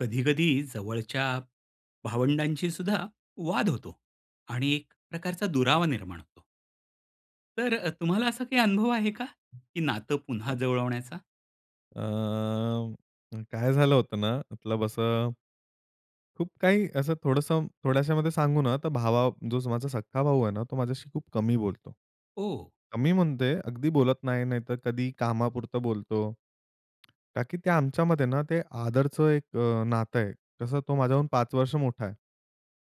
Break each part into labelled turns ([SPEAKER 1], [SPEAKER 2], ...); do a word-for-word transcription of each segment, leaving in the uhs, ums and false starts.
[SPEAKER 1] कधी-कधी, जवळच्या भावंडांशी सुद्धा वाद होतो आणि एक प्रकारचा दुरावा निर्माण होतो. तर अ, तुम्हाला असा काही अनुभव आहे का? की नातं पुन्हा
[SPEAKER 2] हां.
[SPEAKER 1] जुळवण्याचा?
[SPEAKER 2] अ, काय झालं होतं ना, मतलब असं खूप काही असं थोडंसं थोड्याशामध्ये सांगू ना, तर भावा जो माझा सख्खा भाऊ आहे ना, तो माझ्याशी खूप कमी बोलतो.
[SPEAKER 1] ओह!
[SPEAKER 2] कमी म्हणते, अगदी बोलत नाही, नाहीतर कधी कामापुरतं बोलतो. का की ते आमच्यामध्ये ना, ते आदरचं अ, एक नातं आहे. कसं, तो माझ्याहून पाच वर्ष मोठा आहे.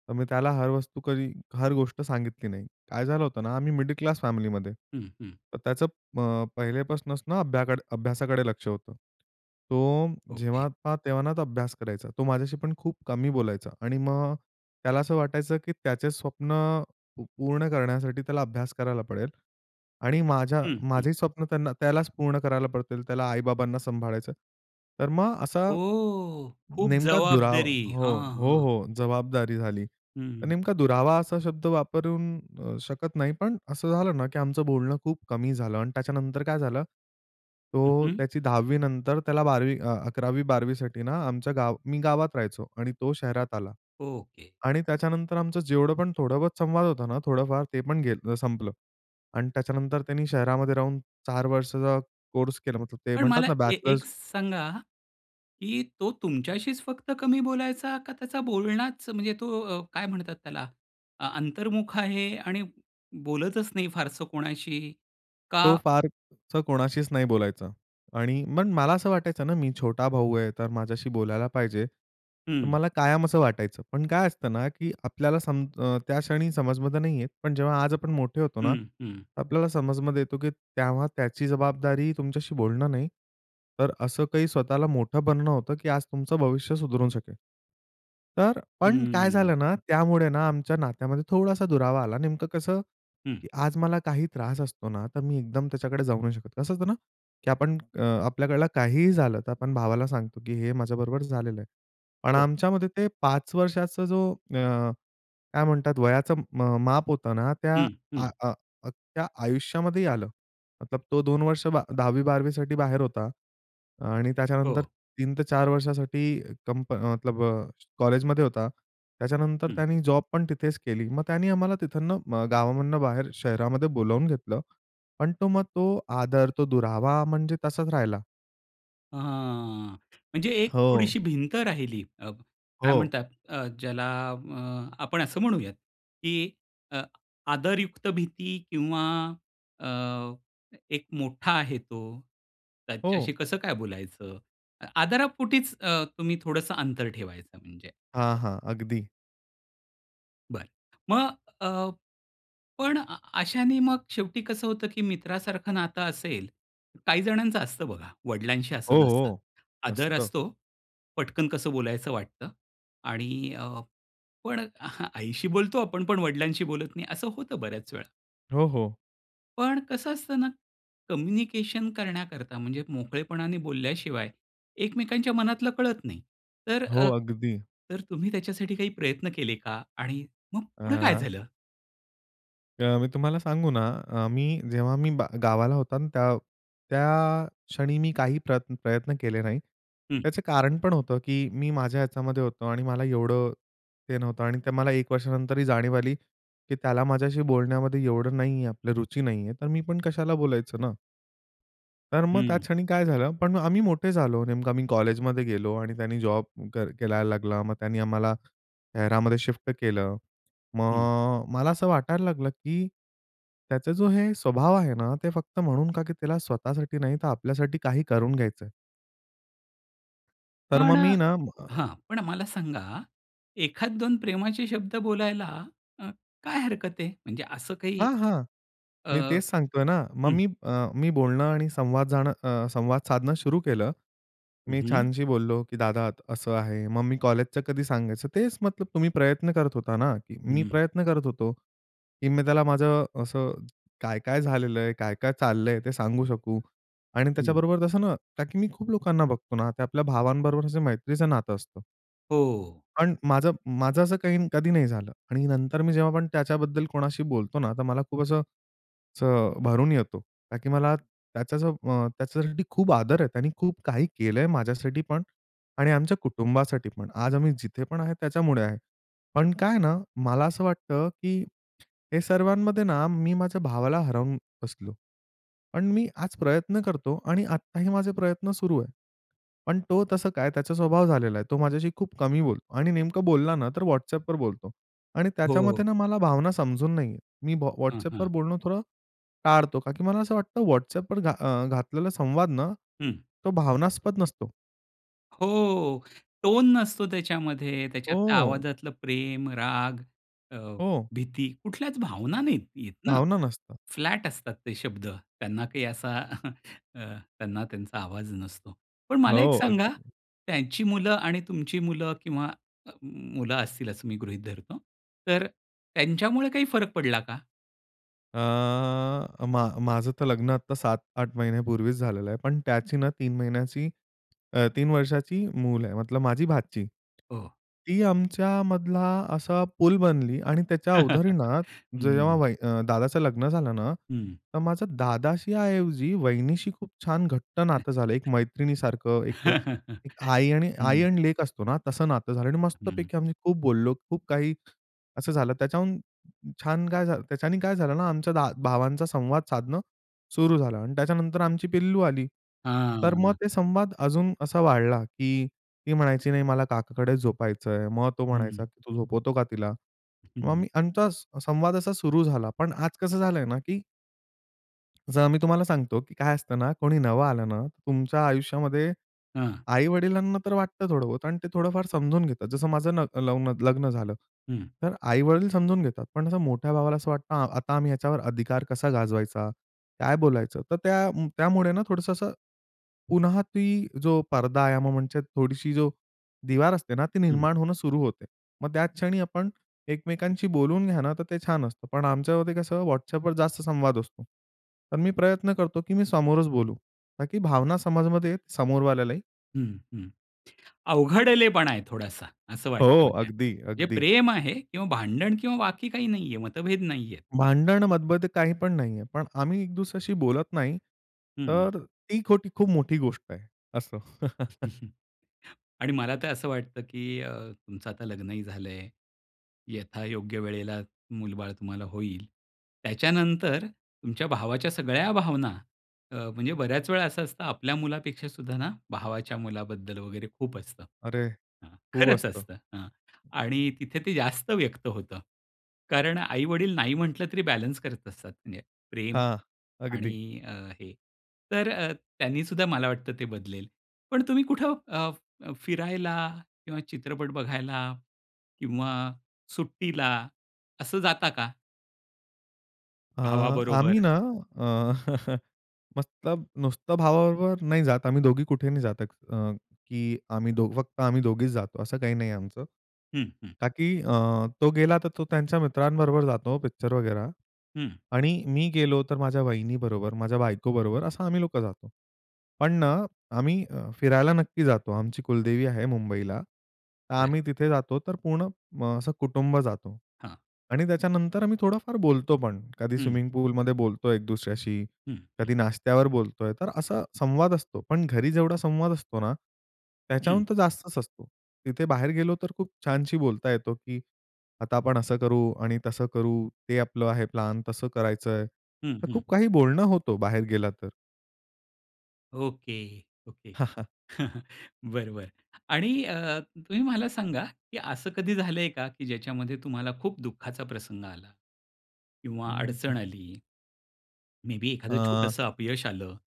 [SPEAKER 2] तर मी त्याला हर वस्तू कधी हर गोष्ट सांगितली नाही. काय झालं होतं ना, आम्ही मिडल क्लास फॅमिलीमध्ये.
[SPEAKER 1] हं, हं.
[SPEAKER 2] तर अ, त्याचं अ, पहिलेपासनंच अभ्या अभ्यासाकडे लक्ष होतं, तो
[SPEAKER 1] ओके.
[SPEAKER 2] जेव्हा पहावा तेव्हा ना, तो अभ्यास करायचा. तो माझ्याशी पण खूप कमी बोलायचा आणि मग त्याला असं वाटायचं की त्याचे स्वप्न पूर्ण करण्यासाठी, त्याला अभ्यास करायला पडेल आणि माझ्या
[SPEAKER 1] हं, हं.
[SPEAKER 2] माझे स्वप्न त्यांना त्यालाच पूर्ण करायला पडतील, त्याला आई-बाबांना सांभाळायचं. तर मग असा
[SPEAKER 1] ओ! खूप
[SPEAKER 2] नेमका दुरावा
[SPEAKER 1] जबाबदारी.
[SPEAKER 2] हो.
[SPEAKER 1] हां,
[SPEAKER 2] हो,
[SPEAKER 1] हां.
[SPEAKER 2] हो. जबाबदारी झाली.
[SPEAKER 1] हं,
[SPEAKER 2] तर
[SPEAKER 1] हं.
[SPEAKER 2] नेमका दुरावा असा शब्द वापरू शकत नाही पण असं झालं ना, की आमचं बोलणं खूप कमी झालं आणि त्याच्यानंतर काय झालं,
[SPEAKER 1] हं,
[SPEAKER 2] तो
[SPEAKER 1] हं.
[SPEAKER 2] त्याची दहावी नंतर त्याला बारावी अ, अकरावी, बारावी साठी ना, आमच्या गाव मी गावात राहायचो आणि तो शहरात आला.
[SPEAKER 1] ओके.
[SPEAKER 2] आणि त्याच्यानंतर, आमचं जेवढं पण, थोडं बहुत संवाद होता ना थोडंफार ते पण गेलं संपलं. आणि त्याच्यानंतर त्यांनी शहरामध्ये राहून चार वर्षाचा कोर्स केला, मतलब
[SPEAKER 1] पण मला
[SPEAKER 2] म्हणतात ना,
[SPEAKER 1] ए एक
[SPEAKER 2] बॅचलर्स.
[SPEAKER 1] सांगा, की तो तुमच्याशीच फक्त कमी बोलायचा, का त्याचा बोलणाच म्हणजे तो अ, काय म्हणतात त्याला अ, अंतर्मुख आहे आणि बोलतच नाही फारसं कोणाशी?
[SPEAKER 2] तो
[SPEAKER 1] का
[SPEAKER 2] फार असा कोणाशीच नाही बोलायचा आणि मग मला असं वाटायचं ना, मी छोटा भाऊ आहे, तर माझ्याशी बोलायला पाहिजे. तर
[SPEAKER 1] हं.
[SPEAKER 2] मला कायम असं वाटायचं, पण काय असतं ना, की आपल्याला सम अ, त्या क्षणी समजमध्ये नाही येत, पण जेव्हा आज आपण मोठे होतो ना,
[SPEAKER 1] हं. हं.
[SPEAKER 2] तर आपल्याला समजमध्ये, येतो की तेव्हा त्याची जबाबदारी तुमच्याशी बोलणं नाही, तर असं काही स्वतःला मोठं बनणं होतं, की आज तुमचं भविष्य सुधारू शकेल. तर अ,
[SPEAKER 1] हं,
[SPEAKER 2] पण काय
[SPEAKER 1] हं.
[SPEAKER 2] झालं ना, त्यामुळे ना आमच्या नात्यामध्ये थोडासा दुरावा आला. नेमकं कसं,
[SPEAKER 1] हं.
[SPEAKER 2] की आज मला काही त्रास असतो ना, तर मी एकदम त्याच्याकडे जाऊ नाही शकत. कसं होतं ना, की आपण आपल्याकडलं काहीही झालं, तर आपण भावाला सांगतो, की हे माझ्याबरोबर झालेलं आहे. पण
[SPEAKER 1] हो.
[SPEAKER 2] आमच्यामध्ये ते पाच वर्षांचा जो अ, काय म्हणतात, वयाचं म अ, माप होतं ना, त्या
[SPEAKER 1] हं, हं.
[SPEAKER 2] त्या अ, अ, आयुष्यामध्येही आलं. तो दोन वर्ष, बा दहावी बारावी साठी बाहेर होता आणि त्याच्यानंतर
[SPEAKER 1] हो.
[SPEAKER 2] तीन ते चार वर्षांसाठी कंपनी मतलब कॉलेजमध्ये होता. त्याच्यानंतर
[SPEAKER 1] हं.
[SPEAKER 2] त्याने जॉब पण तिथेच केली. मग त्याने आम्हाला तिथनं अ, गावामधून बाहेर शहरामध्ये बोलावून घेतलं, पण तो मग तो आदर, तो दुरावा म्हणजे तसाच राहिला.
[SPEAKER 1] ह, हां. म्हणजे एक
[SPEAKER 2] हो.
[SPEAKER 1] थोडीशी भिंत राहिली. अ, काय
[SPEAKER 2] हो.
[SPEAKER 1] म्हणतात? अ, ज्याला अ, आपण असं म्हणूयात, की अ, आदरयुक्त भीती किंवा अ, एक मोठा आहे तो, त्याच्याशी
[SPEAKER 2] हो.
[SPEAKER 1] कसं काय बोलायचं? आदारापोटीच अ, तुम्ही थोडंसं अंतर ठेवायचं, म्हणजे
[SPEAKER 2] हां,
[SPEAKER 1] असं.
[SPEAKER 2] हां. अगदी.
[SPEAKER 1] बरं. मग अ, पण अ अशाने मग शेवटी कसं होतं की मित्रासारखं नातं असेल काही जणांचं असतं बघा, वडिलांशी
[SPEAKER 2] हो,
[SPEAKER 1] असंच असतं,
[SPEAKER 2] हो.
[SPEAKER 1] आदर
[SPEAKER 2] मस्त.
[SPEAKER 1] असतो, पटकन कसं बोलायचं वाटतं आणि अ, पण आईशी बोलतो आपण पण वडिलांशी बोलत नाही, असं होतं बऱ्याच वेळा.
[SPEAKER 2] हो, हो.
[SPEAKER 1] पण कसं असतं ना, कम्युनिकेशन करण्याकरता, म्हणजे मोकळेपणाने बोलल्याशिवाय एकमेकांच्या मनातलं कळत नाही. तर
[SPEAKER 2] हो,
[SPEAKER 1] अ,
[SPEAKER 2] अगदी.
[SPEAKER 1] तर तुम्ही त्याच्यासाठी काही प्रयत्न केले का? आणि मग पुढं काय
[SPEAKER 2] अ
[SPEAKER 1] झालं?
[SPEAKER 2] अ, मी तुम्हाला सांगू ना, अ, मी जेव्हा मी बा गावाला होता ना, त्या त्या क्षणी मी काही प्रयत् प्रयत्न केले नाही.
[SPEAKER 1] हं.
[SPEAKER 2] त्याचं कारण पण होतं की मी माझ्या याच्यामध्ये होतो आणि मला एवढं ते नव्हतं आणि ते मला एक वर्षानंतरही जाणीव आली, की त्याला माझ्याशी बोलण्यामध्ये एवढं नाही आहे, आपलं रुची नाही आहे. तर मी पण कशाला बोलायचं ना. तर मग त्या
[SPEAKER 1] हं.
[SPEAKER 2] क्षणी काय झालं, पण आम्ही मोठे झालो, नेमकं आम्ही कॉलेजमध्ये गेलो. आणि त्यांनी जॉब क करायला लागला. मग त्यांनी आम्हाला शहरामध्ये शिफ्ट केलं.
[SPEAKER 1] हं.
[SPEAKER 2] मग अ, मला असं वाटायला लागलं की, त्याचा जो हे स्वभाव आहे ना ते फक्त म्हणून का की त्याला स्वतःसाठी नाही तर आपल्यासाठी काही करून घ्यायचं आहे. तर
[SPEAKER 1] पण
[SPEAKER 2] मग
[SPEAKER 1] अ,
[SPEAKER 2] मी ना, अ
[SPEAKER 1] हां. पण मला सांगा. एखाद दोन प्रेमाचे शब्द बोलायला अ, काय हरकत आहे? म्हणजे असं काही
[SPEAKER 2] हां, हां.
[SPEAKER 1] अ,
[SPEAKER 2] मी तेच
[SPEAKER 1] हं.
[SPEAKER 2] सांगतो आहे ना. मग मी अ, मी बोलणं आणि संवाद जाणं अ, संवाद साधणं सुरू केलं.
[SPEAKER 1] हं,
[SPEAKER 2] मी
[SPEAKER 1] हं.
[SPEAKER 2] छानशी बोललो की "दादा अत असं आहे." मग मी कॉलेजचं कधी सांगायचं तेच तुम्ही प्रयत्न करत होता ना, की मी
[SPEAKER 1] हं.
[SPEAKER 2] प्रयत्न करत होतो की मी त्याला माझं असं काय-काय झालेलं आहे, काय-काय चाललं आहे ते सांगू शकू आणि
[SPEAKER 1] हं.
[SPEAKER 2] त्याच्याबरोबर तसं ना का की मी खूप लोकांना बघतो ना ते आपल्या भावांबरोबर असं मैत्रीचं नातं असतं.
[SPEAKER 1] हो, हो.
[SPEAKER 2] पण माझं माझं असं काही कधी नाही झालं आणि नंतर मी जेव्हा पण त्याच्याबद्दल कोणाशी बोलतो ना तर मला खूप असं असं अ, भरून येतो. का की मला त्याचं अ, त्याच्यासाठी खूप आदर आहे. त्यांनी खूप काही केलं आहे माझ्यासाठी पण आणि आमच्या कुटुंबासाठी पण. आज आम्ही जिथे पण आहे त्याच्यामुळे आहे. पण काय आहे ना मला असं वाटतं की हे सर्वांमध्ये ना मी माझ्या भावाला हरवून बसलो. पण मी आज प्रयत्न करतो आणि आत्ताही माझे प्रयत्न सुरू आहे. पण तो तसं काय त्याचा स्वभाव झालेला आहे, तो माझ्याशी खूप कमी बोलतो आणि नेमकं बोलला ना तर WhatsAppवर बोलतो. आणि
[SPEAKER 1] हो,
[SPEAKER 2] त्याच्यामते
[SPEAKER 1] हो.
[SPEAKER 2] ना मला भावना समजून नाहीये मी
[SPEAKER 1] हं.
[SPEAKER 2] WhatsAppवर
[SPEAKER 1] हं.
[SPEAKER 2] बोलणं थोडं टाळतो. का की मला असं वाटतं WhatsAppवर घात अ, घातलेला संवाद ना
[SPEAKER 1] हं.
[SPEAKER 2] तो भावनास्पद नसतो.
[SPEAKER 1] हो. टोन नसतो त्याच्यामध्ये. त्याच्यातल्या
[SPEAKER 2] हो.
[SPEAKER 1] आवाजातलं प्रेम, राग अ,
[SPEAKER 2] हो.
[SPEAKER 1] भीती कुठल्याच भावना नाही आहेत ना,
[SPEAKER 2] भावना नसता.
[SPEAKER 1] फ्लॅट असतात ते शब्द, त्यांना काही असा अ, त्यांना त्यांचा आवाज नसतो. पण मला एक
[SPEAKER 2] हो,
[SPEAKER 1] सांगा
[SPEAKER 2] अगदी.
[SPEAKER 1] त्यांची मुलं आणि तुमची मुलं किंवा मुलं असतील असं मी गृहीत धरतो तर अ, त्यांच्यामुळे काही फरक पडला का?
[SPEAKER 2] अ, मा माझं तर लग्न आता सात आठ महिन्यापूर्वीच झालेलं आहे, पण त्याची ना, तीन महिन्याची अ, तीन वर्षाची मूल आहे, मतलब माझी भाची.
[SPEAKER 1] हो.
[SPEAKER 2] ती आमच्यामधला असा पूल बनली आणि त्याच्या उधारीणात
[SPEAKER 1] हं, हं,
[SPEAKER 2] जेव्हा
[SPEAKER 1] हं.
[SPEAKER 2] वही दादाचं लग्न झालं ना,
[SPEAKER 1] हं.
[SPEAKER 2] तर माझं दादाशी ऐवजी वहिनीशी खूप छान घट्ट नातं झालं, एक मैत्रिणीसारखं,
[SPEAKER 1] हं
[SPEAKER 2] एक एक आई आणि आई
[SPEAKER 1] हं.
[SPEAKER 2] आणि लेक असतो ना, तसं नातं झालं आणि
[SPEAKER 1] हं.
[SPEAKER 2] मस्तपैकी आम्ही खूप बोललो. खूप काही असं झालं त्याच्याहून छान काय झालं त्याच्याने काय झालं ना, आमच्या भावांचा संवाद साधणं सुरू झालं आणि त्याच्यानंतर आमची पिल्लू आली. तर मग
[SPEAKER 1] हां.
[SPEAKER 2] ते संवाद अजून असा वाढला की ती म्हणायची, "नाही, मला काकाकडे झोपायचं आहे," मग तो म्हणायचा
[SPEAKER 1] हं.
[SPEAKER 2] की "तू झोपवतो का तिला?"
[SPEAKER 1] हं,
[SPEAKER 2] मग
[SPEAKER 1] हं.
[SPEAKER 2] मी आमचा संवाद असा सुरु झाला. पण आज कसं झालंय ना, की जर मी तुम्हाला सांगतो, की काय असतं ना, कोणी नवं आलं ना, तुमच्या आयुष्यामध्ये,
[SPEAKER 1] हां.
[SPEAKER 2] आई-वडिलांना तर वाटतं थोडं बोहोत आणि ते थोडंफार समजून घेतात, जसं माझं नग लवं नग लग्न झालं.
[SPEAKER 1] हं.
[SPEAKER 2] तर आई-वडील समजून घेतात, पण असं मोठ्या भावाला असं वाटतं, आता आम्ही याच्यावर अधिकार कसा गाजवायचा? काय बोलायचं? तर त्या त्यामुळे ना, थोडंसं असं पुन्हा ती जो पडदा आहे, म्हणजे थोडीशी जो दिवार असते ना ती
[SPEAKER 1] हं.
[SPEAKER 2] निर्माण होणं सुरु होते. मग त्याच क्षणी आपण एकमेकांशी बोलून घ्या ना, तर ते छान असतं. पण आमच्यामध्ये कसं WhatsAppवर जास्त संवाद असतो. तर मी प्रयत्न करतो, की मी समोरच बोलू. ताकी भावना समजमध्ये समोरवाल्यालाही.
[SPEAKER 1] हं, हं. अवघडलेपणा आहे थोडासा, असं वाटत आहे,
[SPEAKER 2] हो,
[SPEAKER 1] म्हणजे
[SPEAKER 2] अगदी,
[SPEAKER 1] हे
[SPEAKER 2] अगदी.
[SPEAKER 1] प्रेम आहे किंवा भांडण किंवा बाकी काही नाही आहे, मतभेद नाही आहे.
[SPEAKER 2] भांडण, मतभेद काही पण नाही आहे. पण आम्ही एक दुसऱ्याशी बोलत नाही.
[SPEAKER 1] हं.
[SPEAKER 2] तर ती खोटी खूप मोठी गोष्ट आहे. असं.
[SPEAKER 1] आणि मला तर असं वाटतं, की अ, तुमचं आता लग्नही झालं आहे. यथायोग्य वेळेला मुल-बाळ तुम्हाला होईल. त्याच्यानंतर तुमच्या भावाच्या सगळ्या भावना अ, म्हणजे बऱ्याच वेळा असं असतं, आपल्या मुलापेक्षा सुद्धा ना, भावाच्या मुलाबद्दल वगैरे खूप असतं.
[SPEAKER 2] अरे!
[SPEAKER 1] हां,
[SPEAKER 2] खूप
[SPEAKER 1] खरंच
[SPEAKER 2] असतं.
[SPEAKER 1] असतं. हां, आणि तिथे ते जास्त व्यक्त होतं. कारण आई-वडील नाही म्हटलं तरी बॅलन्स करत असतात, म्हणजे प्रेम
[SPEAKER 2] हां, अगदी.
[SPEAKER 1] आणि अ, हे तर अ, त्यांनी सुद्धा मला वाटत ते बदलेल. पण तुम्ही कुठं अ, अ, फिरायला किंवा चित्रपट बघायला किंवा सुट्टीला असं जाता का?
[SPEAKER 2] अ, आम्ही
[SPEAKER 1] भावाबरोबर.
[SPEAKER 2] ना अ, मस्त नुसतं भावाबरोबर नाही जात आम्ही दोघी कुठे नाही जात अ, की आम्ही फक्त आम्ही दोघीच जातो असं काही नाहीये आमचं.
[SPEAKER 1] हं, हं.
[SPEAKER 2] का, की अ, तो गेला तर तो त्यांच्या मित्रांबरोबर जातो पिक्चर बघायला
[SPEAKER 1] हं.
[SPEAKER 2] आणि मी गेलोतर माझ्या वहिनीबरोबर, माझ्या बायकोबरोबर असं आम्ही लोकं जातो. पण ना, आम्ही फिरायला नक्की जातो आमची कुलदेवी आहे मुंबईला. तर
[SPEAKER 1] बरं.
[SPEAKER 2] आम्ही तिथे जातो तर पूर्ण असं कुटुंब जातो.
[SPEAKER 1] हां.
[SPEAKER 2] आणि त्याच्यानंतर आम्ही थोडाफार बोलतोपण, कधी
[SPEAKER 1] हं.
[SPEAKER 2] स्विमिंग पूलमध्ये बोलतो एक दुसऱ्याशी,
[SPEAKER 1] हं. हं.
[SPEAKER 2] कधी नाश्त्यावर बोलतोय तर असा संवाद असतो. पण घरी जेवढा संवाद असतो ना,
[SPEAKER 1] हं.
[SPEAKER 2] त्याच्याहून तर जास्तच असतो. तिथे बाहेर गेलो तर खूप छानशी बोलता येतो, की आता आपण असं करू आणि तसं करू ते आपलं आहे प्लान तसं करायचंय.
[SPEAKER 1] हं,
[SPEAKER 2] तर
[SPEAKER 1] हं.
[SPEAKER 2] खूप काही बोलणं होतं बाहेर गेलातर.
[SPEAKER 1] Okay, okay. बरं, बरं. आणि अ, तुम्ही मला सांगा, की असं कधी झालंय का, की ज्याच्यामध्ये तुम्हाला खूप दुःखाचा प्रसंग आला? किंवा
[SPEAKER 2] हं, हं.
[SPEAKER 1] अडचण आली. मे बी एखादं
[SPEAKER 2] अ
[SPEAKER 1] छोटंसं अपयश आलं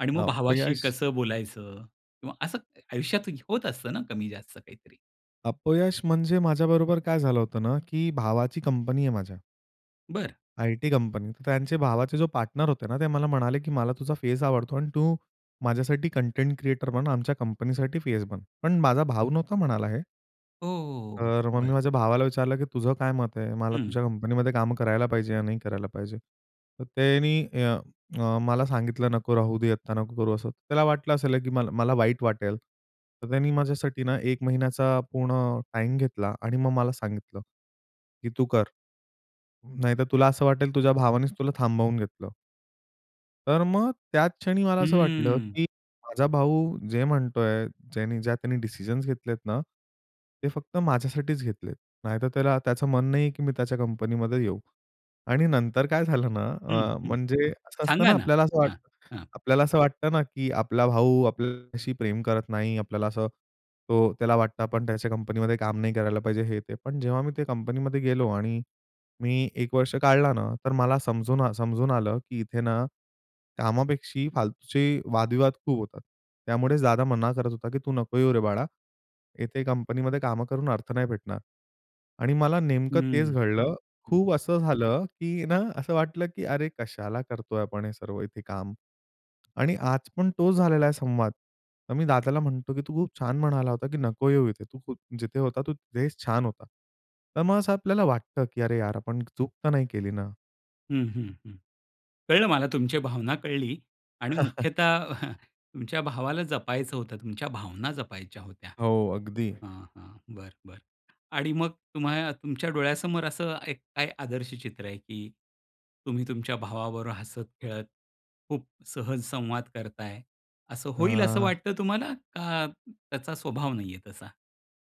[SPEAKER 1] आणि मग भावाशी
[SPEAKER 2] अपयश
[SPEAKER 1] कसं बोलायचं? किंवा असं आयुष्यात होत असतं ना कमी जास्त काहीतरी.
[SPEAKER 2] अपयश, म्हणजे माझ्याबरोबर काय झालं होतं ना, की भावाची कंपनी आहे माझ्या
[SPEAKER 1] बरं.
[SPEAKER 2] I-T कंपनीत त्यांचे भावाचे जो पार्टनर होते ना ते मला म्हणाले की "मला तुझा फेस आवडतो आणि तू माझ्यासाठी कंटेंट क्रिएटर बन, आमच्या कंपनी साठी फेस बन." पण माझा भाऊ नव्हता म्हणाला हे.
[SPEAKER 1] हो, हो, हो.
[SPEAKER 2] तर मग मी
[SPEAKER 1] बरं.
[SPEAKER 2] माझ्या भावाला विचारलं की "तुझं काय मत आहे? मला
[SPEAKER 1] हं.
[SPEAKER 2] तुझ्या कंपनीमध्ये काम करायला पाहिजे या नाही करायला पाहिजे?" तर त्यांनी अ मला सांगितलं "नको राहू दे, आत्ता नको करू." असं तर त्याला वाटलं असेल की मला, मला वाईट वाटेल. तर त्यांनी माझ्यासाठी ना एक महिन्याचा पूर्ण टाईम घेतला आणि मग मला सांगितलं की "तू कर. नाहीतर तुला असं वाटेल तुझ्या भावानेच तुला थांबवून घेतलं." तर मग त्याच क्षणी मला असं वाटलं,
[SPEAKER 1] हम्म.
[SPEAKER 2] की माझा भाऊ जे म्हणतोय ज्यांनी ज्या त्यांनी डिसिजन्स घेतलेत ना, ते फक्त माझ्यासाठीच घेतलेत. नाहीतर त्याला त्याचं मन नाहीये, की मी त्याच्या कंपनीमध्ये येऊ. आणि नंतर काय झालं ना
[SPEAKER 1] हं,
[SPEAKER 2] अ,
[SPEAKER 1] हं.
[SPEAKER 2] म्हणजे असं असतं
[SPEAKER 1] सांगा
[SPEAKER 2] ना
[SPEAKER 1] ना.
[SPEAKER 2] आपल्याला असं
[SPEAKER 1] हां,
[SPEAKER 2] वाटतं,
[SPEAKER 1] हां.
[SPEAKER 2] आपल्याला असं वाटतं ना, की आपला भाऊ आपल्याशी प्रेम करत नाही, आपल्याला असं तो त्याला वाटतं, आपण त्याच्या कंपनीमध्ये काम नाही करायला पाहिजे हे ते. पण जेव्हा मी ते कंपनीमध्ये गेलो. आणि मी एक वर्ष काढला ना तर मला समजून आ समजून आलं, की इथे ना, कामापेक्षा फालतूचे वादविवाद खूप होतात. त्यामुळेच दादा मना करत होता, की "तू नको येऊ रे बाळा, इथे कंपनीमध्ये कामं करून अर्थ नाही भेटणार." आणि मला नेमकं तेच
[SPEAKER 1] हम्म,
[SPEAKER 2] घडलं.
[SPEAKER 1] हं.
[SPEAKER 2] खूप असं झालं, की ना असं वाटलं, की "अरे कशाला करतोय आपण हे सर्व इथे काम?" आणि आज पण तोच झालेला आहे संवाद, तर मी दादाला म्हणतो, की तू खूप छान म्हणाला होता, की "नको येऊ इथे. तू जिथे होता तू तिथेच छान होता." तर मग असं आपल्याला वाटतं, की "अरे यार, आपण चूक तर नाही केली ना?"
[SPEAKER 1] हं, हं, हं. कळलं मला तुमची भावना कळली आणि मुख्यतः तुमच्या भावाला जपायचं होतं, तुमच्या भावना जपायच्या होत्या
[SPEAKER 2] हो. अगदी.
[SPEAKER 1] हां. हां. बरं, बरं, बरं आणि मग तुम्हाला तुमच्या डोळ्यासमोर असं एक काय आदर्श चित्र आहे की तुम्ही तुमच्या भावाबरोबर हसत-खेळत, खूप सहज संवाद करता आहे, असं होईल असं
[SPEAKER 2] हां.
[SPEAKER 1] वाटतं तुम्हाला का त्याचा स्वभाव नाही आहे तसा?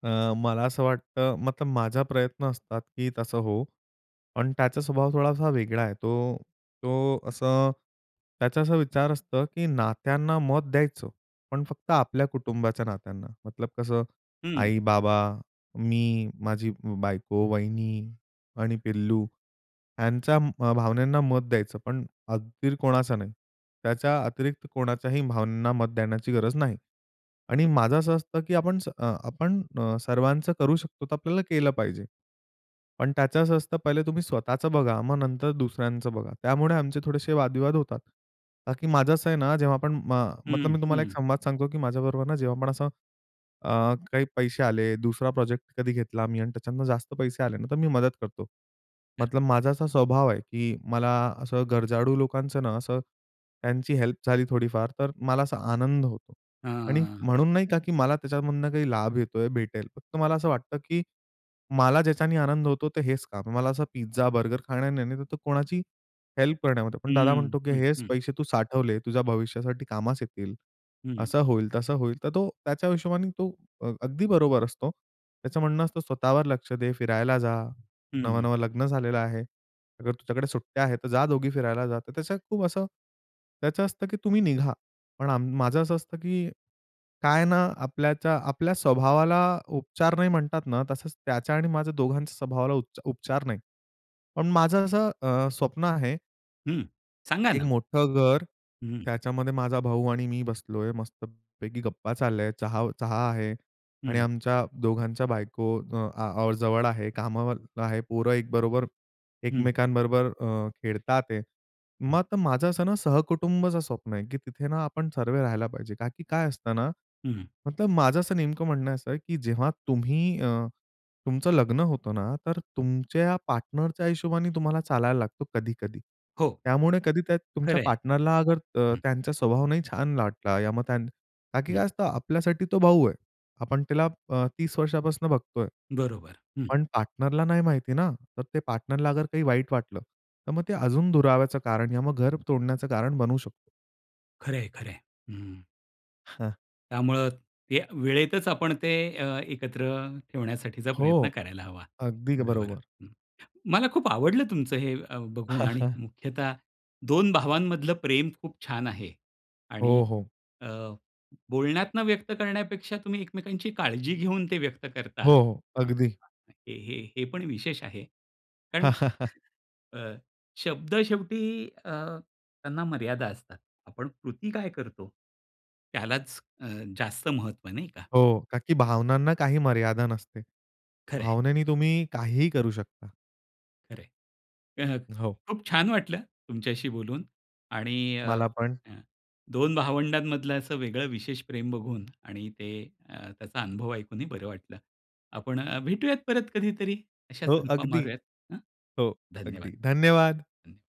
[SPEAKER 2] अ, मला असं वाटतं मतलब माझा प्रयत्न असतात की तसं होवो, पण त्याचा स्वभाव थोडासा वेगळा आहे. तो तो असं त्याचा असा विचार असतो की नात्यांना मत द्यायचं पण फक्त आपल्या कुटुंबाच्या नात्यांना, मतलब कसं
[SPEAKER 1] हं.
[SPEAKER 2] आई, बाबा, मी, माझी ब् बायको, वहिनी आणि पिल्लू ह्यांच्या अ, भावनांना मत द्यायचं, पण अगदी र कोणाचा नाही त्याच्या अतिरिक्त कोणाच्याही भावनांना मत देण्याची गरज नाही. आणि माझं असं असतं की आपण स अ आपण अ, सर्वांचं करू शकतो तर आपल्याला केलं पाहिजे. पण त्याचं असं असतं पहिले तुम्ही स्वतःचं बघा, मग नंतर दुसऱ्यांचं बघा. त्यामुळे आमचे थोडेसे वाद-विवाद होतात. का की माझं असं आहे ना जेव्हा आपण म मतलब
[SPEAKER 1] हं,
[SPEAKER 2] मी तुम्हाला एक
[SPEAKER 1] हं.
[SPEAKER 2] संवाद सांगतो की माझ्याबरोबर ना जेव्हा आपण असं अ, काही पैसे आले, दुसरा प्रोजेक्ट कधी घेतला मी आणि त्याच्यतनं जास्त पैसे आले ना तर मी मदत करतो.
[SPEAKER 1] तर
[SPEAKER 2] मतलब माझा असा स्वभाव आहे की मला असं गरजाळू लोकांचं ना असं त्यांची हेल्प झाली थोडीफार तर मला असा आनंद होतो. आणि
[SPEAKER 1] हां.
[SPEAKER 2] म्हणून नाही का की मला त्याच्यामधनं काही लाभ येतो आहे, भेटेल. फक्त मला असं वाटतं की मला ज्याच्याने आनंद होतो ते हेच काम. मला असं पिझ्झा, बर्गर खाण्याने नाही नाहीतर कोणाची हेल्प करण्यामध्ये. पण दादा
[SPEAKER 1] हं.
[SPEAKER 2] म्हणतो की "हेच पैसे तू साठवले, तुझ्या भविष्यासाठी कामास येतील,"
[SPEAKER 1] हं.
[SPEAKER 2] असं होईल, तसं होईल. तर तो त्याच्या हिशोबाने तो अ, अगदी बरोबर असतो. त्याचं म्हणणं असतं "स्वतःवर लक्ष दे, फिरायला जा,
[SPEAKER 1] हं.
[SPEAKER 2] नवं-नवं लग्न झालेलं आहे. अगर तुझ्याकडे सुट्ट्या आहेत तर जा दोघी फिरायला जा." तर त्याचं खूप असं त्याचं असतं की तुम्ही निघा. पण आम माझं असं असतं की, काय ना आपल्याच्या आपल्या स्वभावाला उपचार नाही म्हणतात ना, तसंच त्याच्या आणि माझ्या दोघांच्या स्वभावाला उप उपचार नाही. पण माझं असं अ, स्वप्न आहे
[SPEAKER 1] हं. सांगा
[SPEAKER 2] एक
[SPEAKER 1] ना.
[SPEAKER 2] मोठं घर,
[SPEAKER 1] हं, हं.
[SPEAKER 2] त्याच्यामध्ये माझा भाऊ आणि मी बसलो आहे, मस्त-पैकी गप्पा चालल्या, चहा चहा आहे
[SPEAKER 1] हं,
[SPEAKER 2] आणि
[SPEAKER 1] हं.
[SPEAKER 2] आमच्या दोघांच्या बायको अ, आ, जवळ आहेत, कामावर आहेत, पोरं एक बरोबर
[SPEAKER 1] हं, हं.
[SPEAKER 2] एकमेकांबरोबर अ, खेळत आहेत.
[SPEAKER 1] हं.
[SPEAKER 2] मग माझं असं ना, सहकुटुंबचं स्वप्न आहे, की तिथे ना आपण सर्व राहायला पाहिजे. कारण की काय असतं ना,
[SPEAKER 1] हं, हं.
[SPEAKER 2] मतलब माझं असं नेमकं म्हणणं असं आहे, की जेव्हा तुम्ही अ, तुमचं लग्न होतं ना, तर तुमच्या पार्टनरच्या हिशोबाने तुम्हाला चालायला लागतं कधी-कधी.
[SPEAKER 1] हो.
[SPEAKER 2] त्यामुळे कधी त्या
[SPEAKER 1] खरं
[SPEAKER 2] तुमच्या
[SPEAKER 1] आहे.
[SPEAKER 2] पार्टनरला अगर अ,
[SPEAKER 1] हं.
[SPEAKER 2] त्यांचा स्वभाव नाही छान वाटला, या मग त्यांन का की
[SPEAKER 1] हं.
[SPEAKER 2] काय असतं, आपल्यासाठी तो भाऊ आहे. आपण त्याला अ, तीस वर्षांपासून बघतो आहे.
[SPEAKER 1] बरोबर. हं.
[SPEAKER 2] पण पार्टनरला नाही माहिती ना, तर ते पार्टनरला अगर काही वाईट वाटलं, तर मग ते अजून दुराव्याचं कारण, या मग घर तोडण्याचं कारण बनू शकत.
[SPEAKER 1] खरंय, खरंय. हं.
[SPEAKER 2] हां.
[SPEAKER 1] त्यामुळे ते वेळेतच आपण ते अ, एकत्र ठेवण्यासाठीचा
[SPEAKER 2] हो.
[SPEAKER 1] प्रयत्न करायला हवा.
[SPEAKER 2] अगदी ग
[SPEAKER 1] बरोबर.
[SPEAKER 2] बरोबर.
[SPEAKER 1] हं, मला खूप आवडलं तुमचं अ, हे बघून. आणि मुख्यतः दोन भावांमधलं प्रेम खूप छान आहे. आणि
[SPEAKER 2] हो, हो.
[SPEAKER 1] अ, बोलण्यातनं व्यक्त करण्यापेक्षा तुम्ही एकमेकांची काळजी घेऊन ते व्यक्त
[SPEAKER 2] हो,
[SPEAKER 1] करता,
[SPEAKER 2] हो.
[SPEAKER 1] अ,
[SPEAKER 2] अगदी.
[SPEAKER 1] हे हे हे पण विशेष आहे. कारण अ, शब्द शेवटी अ, त्यांना मर्यादा असतात. आपण कृती काय करतो? त्यालाच अ, जास्त महत्त्व नाही का?
[SPEAKER 2] हो. का की भावनांना काही मर्यादा नसते.
[SPEAKER 1] खरंय.
[SPEAKER 2] भावनेने तुम्ही काहीही करू शकता.
[SPEAKER 1] खरंय. अ,
[SPEAKER 2] हो.
[SPEAKER 1] खूप छान वाटलं, तुमच्याशी बोलून. आणि अ,
[SPEAKER 2] मला पण.
[SPEAKER 1] दोन भावंडांमधलं असं वेगळं विशेष प्रेम बघून आणि ते त्याचा अ, अनुभव ऐकूनही बरं वाटलं. आपण अ, भेटूयात परत कधीतरी अशाच
[SPEAKER 2] हो,
[SPEAKER 1] गप्पा
[SPEAKER 2] अगदी.
[SPEAKER 1] मारूयात. हं.
[SPEAKER 2] हो. अगदी.
[SPEAKER 1] धन्यवाद.
[SPEAKER 2] धन्यवाद.
[SPEAKER 1] धन्य